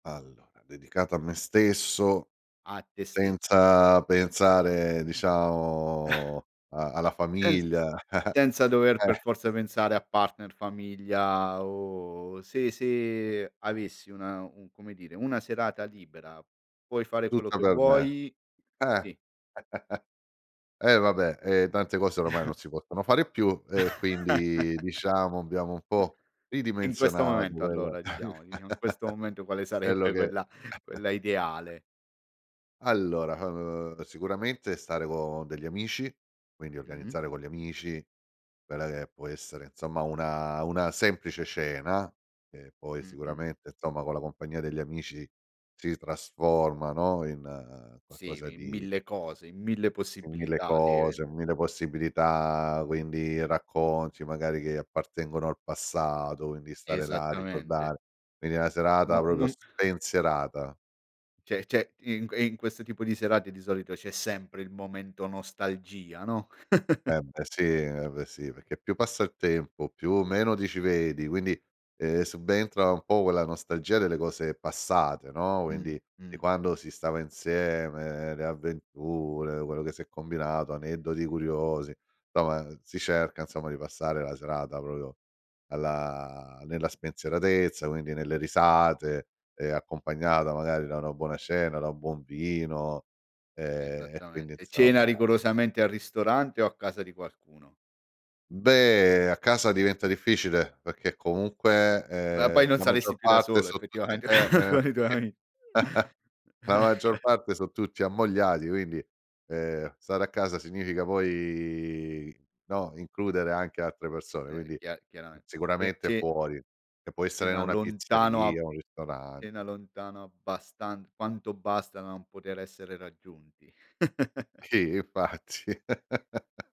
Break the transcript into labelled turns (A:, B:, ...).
A: Allora, dedicato a me stesso.
B: A te stesso.
A: Senza pensare diciamo a alla
B: Senz
A: famiglia
B: senza dover per
A: eh
B: forza pensare a partner, famiglia o se se avessi una un come dire, una serata libera, puoi fare quello
A: Tutta
B: che
A: per me.
B: vuoi?
A: Eh,
B: Sì.
A: e vabbè, ehm, tante cose oramai non si possono fare più e quindi diciamo, abbiamo un po'
B: In questo
A: ridimensionato
B: momento
A: quel
B: allora diciamo diciamo in questo momento quale
A: quello
B: sarebbe
A: che
B: quella quella ideale?
A: Allora, uhm, sicuramente stare con degli amici, quindi
B: Mh-mh.
A: organizzare con gli amici quella che può essere, insomma, una una semplice cena. E poi
B: Mh-mh.
A: sicuramente, insomma, con la compagnia degli amici si trasforma, no, in
B: Sì,
A: qualcosa
B: in
A: di
B: mille cose, in mille
A: in mille
B: possibilità,
A: cose,
B: le
A: mille possibilità, quindi racconti magari che appartengono al passato, quindi stare là a
B: Esattamente.
A: ricordar quindi una
B: No
A: serata proprio
B: non
A: spensierata.
B: Cioè c'è in q in questo tipo di serate di solito c'è sempre il momento nostalgia, no?
A: Eh beh sì eh beh sì, perché più passa il tempo, più meno ti ci vedi, quindi, uhm, subentra un po' quella nostalgia delle cose passate, no.
B: Mh,
A: Quindi di
B: mh,
A: quando
B: mh.
A: si stava insieme, le avventure, quello che si è combinato, aneddoti curiosi, somma si cerca, insomma, di passare la serata proprio alla nella spensieratezza, quindi nelle risate e accompagnata magari da una buona cena, da un buon vino e e quindi
B: Esattamente. Cena
A: insomma
B: rigorosamente al ristorante o a casa di qualcuno?
A: Beh, a casa diventa difficile perché comunque,
B: Ma poi
A: ehm,
B: non
A: la
B: saresti
A: maggior
B: più da
A: parte
B: solo
A: so tutti
B: effettivamente
A: eh, eh
B: con i tuoi
A: sì
B: ami
A: la maggior parte so tutti ammogliati, quindi, uhm, stare a casa significa poi, no, includere anche altre persone,
B: Eh
A: quindi
B: chia chiarame Ce
A: sicuramente
B: ce
A: fuori. E può essere in
B: cena
A: una
B: lontano a
A: pizzeria, un
B: cena
A: ristorante.
B: lontano abbastan quanto basta non poter essere raggiunti.
A: Chi? Infatti.